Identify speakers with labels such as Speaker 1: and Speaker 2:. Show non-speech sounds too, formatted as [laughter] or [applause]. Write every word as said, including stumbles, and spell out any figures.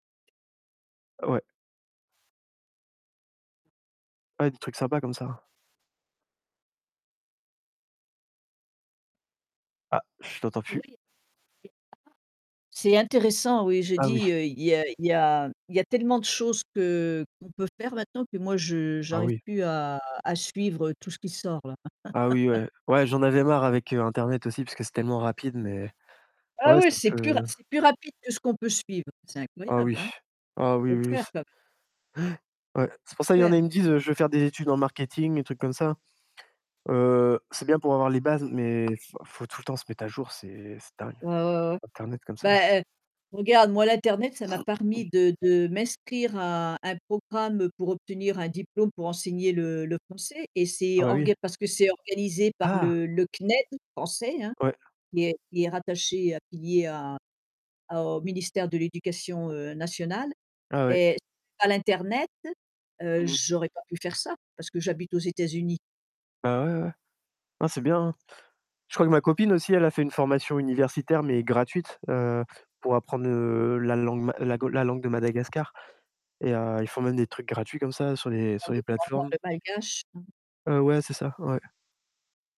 Speaker 1: Ouais. Ouais, des trucs sympas comme ça. Ah, je t'entends
Speaker 2: Oui.
Speaker 1: plus.
Speaker 2: [unintelligible] C'est intéressant, oui. J'ai
Speaker 1: Ah oui.
Speaker 2: dit, heu, il y a il y a il y a tellement de choses que qu'on peut faire maintenant que moi je
Speaker 1: Ah
Speaker 2: j'arrive
Speaker 1: oui.
Speaker 2: plus à à suivre tout ce qui sort, là.
Speaker 1: Ah oui,
Speaker 2: [laughs]
Speaker 1: ouais. Ouais, j'en avais marre avec, heu, Internet aussi, parce que c'est tellement rapide, mais
Speaker 2: Ah
Speaker 1: ouais
Speaker 2: oui,
Speaker 1: c'est un
Speaker 2: c'est plus ra
Speaker 1: peu.
Speaker 2: c'est plus rapide que ce qu'on peut suivre. C'est
Speaker 1: Oh
Speaker 2: incroyable,
Speaker 1: oui.
Speaker 2: hein.
Speaker 1: Oh oui
Speaker 2: Faut
Speaker 1: oui
Speaker 2: le
Speaker 1: oui
Speaker 2: faire
Speaker 1: s
Speaker 2: quand même.
Speaker 1: ouais. Ouais, c'est pour ça, il y en a,
Speaker 2: Faire.
Speaker 1: ils me disent heu: «Je veux faire des études en marketing, des trucs comme ça.» Heu, c'est bien pour avoir les bases, mais f faut tout le temps se mettre à jour, c'est c'est dingue.
Speaker 2: Ouais, ouais, ouais.
Speaker 1: Internet comme ça.
Speaker 2: Bah, heu, regarde, moi, l'internet ça m'a parmis
Speaker 1: [clears throat]
Speaker 2: de de m'inscrire à à un programme pour obtenir un diplôme pour enseigner le le français et c'est
Speaker 1: Ah bah oui.
Speaker 2: orga parce que c'est organisé par
Speaker 1: Ah!
Speaker 2: le le CNED, français, hein.
Speaker 1: Ouais.
Speaker 2: Qui est qui est rattaché, affilié à à au Ministère de l'Éducation, heu, Nationale,
Speaker 1: Ah ouais.
Speaker 2: et s pas l'internet, heu,
Speaker 1: Mmh mh.
Speaker 2: j'aurais pas pu faire ça, parce que j'habite aux États-Unis.
Speaker 1: Bah ouais, ouais. Hein, c'est bien, hein. Je crois que ma copine aussi, elle a fait une formation universitaire, mais gratuite, heu, pour apprendre, heu, la langue ma la go la langue de Madagascar, et, heu, ils font même des trucs gratuits comme ça sur les
Speaker 2: Ah
Speaker 1: sur
Speaker 2: oui
Speaker 1: les
Speaker 2: pour apprendre
Speaker 1: plateformes.
Speaker 2: le Malgache, mmh.
Speaker 1: Heu, ouais, c'est ça, ouais.